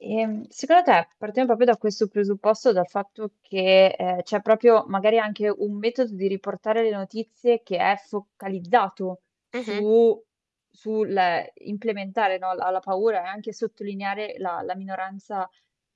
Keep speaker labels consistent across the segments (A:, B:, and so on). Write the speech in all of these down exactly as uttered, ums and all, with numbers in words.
A: Ehm, secondo te, partiamo propio da questo presupposto, dal fatto che, ehm, c'è propio magari anche un metodo di riportare le notizie che è focalizzato
B: Mh-mh.
A: su su l implementare no la la paura e anche sottolineare la la minoranza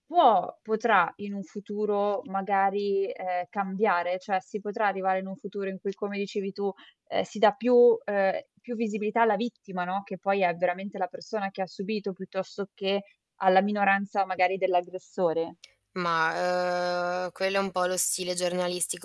A: può potrà in un futuro magari, ehm, cambiare? ceh si potrà arrivare in un futuro in cui, come dicevi tu, ehm, si dà più ehm, più visibilità alla vittima, no, che poi è veramente la persona che ha subito, piuttosto che alla minoranza magari dell'aggressore?
B: Mah, ehm, quello è un po' lo stile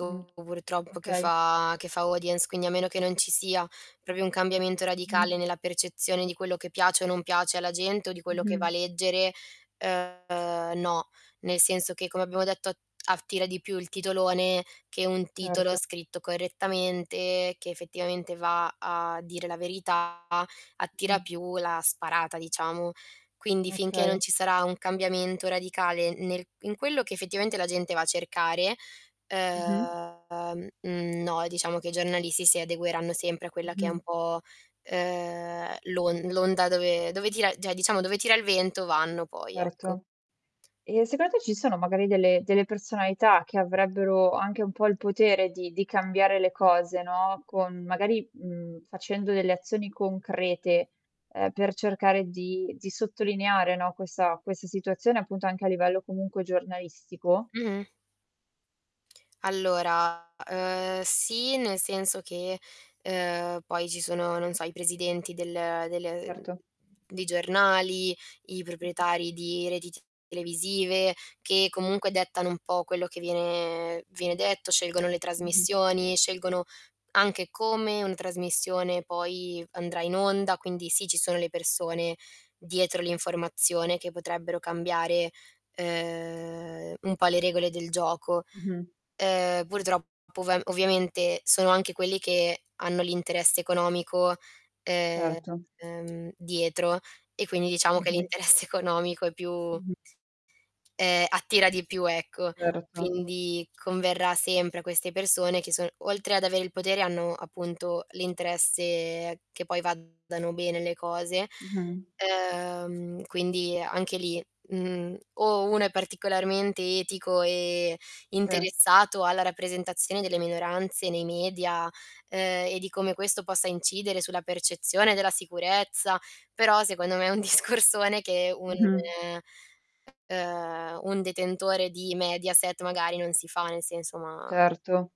A: Mh,
B: purtroppo che
A: okay.
B: fa che fa audience, quindi a meno che non ci sia propio un cambiamento radicale
A: Mh-mh.
B: nella percezione di quello che piace o non piace alla gente o di quello che va a
A: Mh-mh.
B: leggere, ehm, no. Nel senso che come abbiamo detto at attira di più il titolone che un titolo
A: Certo.
B: scritto correttamente che effettivamente va a dire la verità, attira
A: Mh.
B: più la sparata, diciamo. Quindi, finché non
A: Okay.
B: ci sarà un cambiamento radicale nel in quello che effettivamente la gente va a cercare,
A: Mh-mh.
B: ehm, no diciamo che i giornalisti si adegueranno sempre a quella che è un
A: Mh-mh.
B: po', ehm, l'on l'onda dove dove tira ceh diciamo dove tira il vento vanno poi, ecco.
A: Erto. E secondo te ci sono magari delle delle personalità che avrebbero anche un po' il potere di di cambiare le cose no, con magari, mhmm facendo delle azioni concrete, ehm, per cercare di di sottolineare, no, questa questa situazione appunto anche a livello comunque giornalistico?
B: Mh-mh. Allora, ehm, sì, nel senso che, ehm, poi ci sono, non so, i presidenti del del mhmm,
A: Erto.
B: dei giornali, i
A: Mh-mh.
B: proprietari di reti t televisive, che
A: Mh.
B: comunque dettano un po' quello che viene viene detto, scelgono le
A: Mh-mh.
B: trasmissioni, scelgono anche come un trasmissione poi andrà in onda, quindi sì ci sono le persone dietro l'informazione che potrebbero cambiare, ehm, un po' le regole del gioco.
A: Mh-mh.
B: Ehm, purtroppo ov ovviamente sono anche quelli che hanno l'interesse economico, ehm,
A: Certo.
B: dietro, e quindi diciamo che
A: Mh-mh.
B: l'interesse economico è più
A: Mh-mh.
B: ehm, attira di più, ecco.
A: Erto.
B: Quindi, converrà sempre a queste persone che son oltre ad avere il potere hanno appunto l'interesse che poi vadano bene le cose;
A: Mh-mh.
B: ehm, quindi, anche lì, mhmm, o uno è particolarmente etico e
A: se.
B: interessato alla rappresentazione delle minoranze nei media, ehm, e di come questo possa incidere sulla percezione della sicurezza, però secondo me è un discorsone che un
A: Mh-mh.
B: ehm, un detentore di Mediaset magari non si fa, nel senso, ma
A: Certo.